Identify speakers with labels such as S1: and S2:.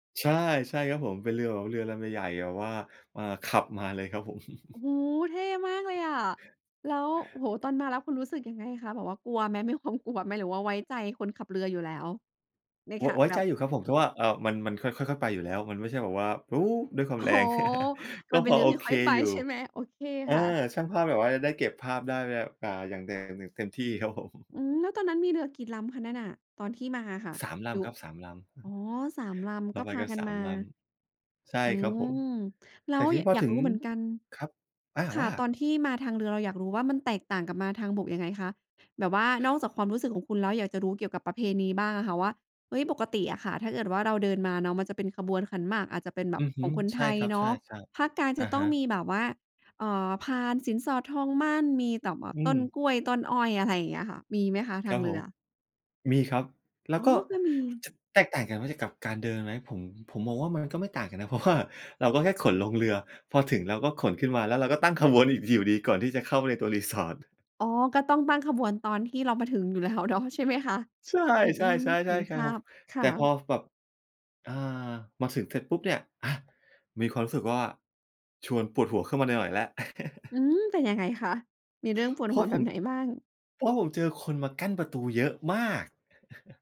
S1: ใช่ ใช่ครับผม เป็นเรือแบบว่าเรือลำใหญ่ ๆ แบบว่า อ่า ขับมาเลยครับผม
S2: โอ้โฮ! เท่มากเลยอะ แล้ว โอ้โฮ! ตอนมาแล้วคุณรู้สึกยังไงคะ? แบบว่ากลัวไหม มีความกลัวไหม หรือว่าไว้ใจคนขับเรืออยู่แล้ว? ใน
S1: ว
S2: ข
S1: ะ ไว้
S2: แบ
S1: ใจ
S2: บ
S1: อยู่ครับผม คือว่า เอ่อ มัน มันค่อย ค่อย ๆ ไปอยู่แล้ว มันไม่ใช่แบบว่า โอ้ ด้วยควา
S2: โ
S1: ม
S2: อ้
S1: แร
S2: โฮ!
S1: ง ก
S2: ม
S1: ็
S2: ันเป
S1: พ
S2: ็น
S1: อ
S2: เรื
S1: โ
S2: อ
S1: อ
S2: ที่
S1: เค
S2: ค่อยไป
S1: อยู่
S2: ใช่ไหม? โอเค
S1: เออ
S2: ค่ะ
S1: แล้วช่างภาพแบบว่าจะได้เก็บภาพได้แบบ อ่า อย่าง อย่างเต็มที่ครับ ผม
S2: อืม แล้วตอนนั้นมีเรือกี่ลำคะนั่นน่ะ ตอนที่มาอะค่ะ?
S1: 3 ล
S2: อยู่
S1: ำครับ 3 ลำ อือ
S2: อ๋
S1: ฮ
S2: อ
S1: ึ
S2: 3 ล
S1: เ
S2: ำ
S1: ร
S2: ก
S1: า
S2: ็
S1: ไป
S2: พา
S1: กัน
S2: กั
S1: ส
S2: น
S1: า
S2: ม
S1: ม
S2: า
S1: ลำ ใช่
S2: อื
S1: ครับผม
S2: ม แล
S1: แต
S2: ้
S1: ่
S2: ว
S1: ทีนี้พอ
S2: อยา
S1: ถ
S2: ก
S1: ึ
S2: ร
S1: ง
S2: ู้เหมือนกัน
S1: ครับ อา
S2: ค่
S1: ว
S2: ะ
S1: ่า?
S2: ตอนที่มาทางเรือ เราอยากรู้ว่ามันแตกต่างกับมาทางบกยังไงคะ? แบบว่านอกจากความรู้สึกของคุณแล้ว อยากจะรู้เกี่ยวกับประเพณีบ้างอะค่ะว่า เฮ้ย! ปกติอะค่ะ ถ้าเกิดว่าเราเดินมาเนาะ มันจะเป็นขบวนขันหมาก อาจจะเป็นแบ
S1: อื
S2: บ
S1: อฮ
S2: ข
S1: ึ
S2: องคน
S1: ใช
S2: ไท
S1: ่
S2: ย
S1: ครับ
S2: เน
S1: ใช
S2: าะ
S1: ่
S2: ภาคกลาง
S1: ๆ อ
S2: จ
S1: ะ
S2: ะต้
S1: ฮ
S2: อง
S1: ะ
S2: มีแบบว่า เอ่อ พานสินสอด ทองหมั้น มีแต่แบบ
S1: อื
S2: ต้น
S1: ม
S2: กล้วย ต้นอ้อย อย่างเงี้ยค่ะ มีไหมคะท
S1: ค
S2: า
S1: รั
S2: ง
S1: บ
S2: เร
S1: ผ
S2: ื
S1: ม
S2: อ?
S1: มีครับ แล
S2: อ
S1: ้ว
S2: ๋อ
S1: ก็
S2: ก็มี
S1: จะแตกต่างกันว่าจะ กับการเดินไหม? ผม ผมมองว่ามันก็ไม่ต่างกันนะ เพราะว่าเราก็แค่ขนลงเรือ พอถึงเราก็ขนขึ้นมา แล้วเราก็ตั้งขบวนอีกทีอยู่ดี ก่อนที่จะเข้าไปในตัว Resort
S2: อ๋อ ก็ต้องตั้ง ขบวนตอนที่เรามาถึงอยู่แล้วเนาะ ใช่ไหมคะ?
S1: ใช่
S2: อ
S1: ใช
S2: อื
S1: ่
S2: ม เห็น
S1: ๆ
S2: ภ
S1: ๆ ๆ
S2: า
S1: พอ
S2: พค
S1: แต
S2: ่
S1: ่พ
S2: ะ
S1: อ ฟ แบบ อา มาถึงเสร็จปุ๊บเนี่ย อะมีความรู้สึกว่า ชวนปวดหัวขึ้นมาหน่อย ๆ แล้ว
S2: อืม เป็นยังไงคะ? มีเรื่องปวด
S1: เพ
S2: ห
S1: รา
S2: ั
S1: ะ
S2: วแ
S1: ผ
S2: บ
S1: ม
S2: บไหนบ้าง?
S1: เพราะผมเจอคนมากั้นประตูเยอะมาก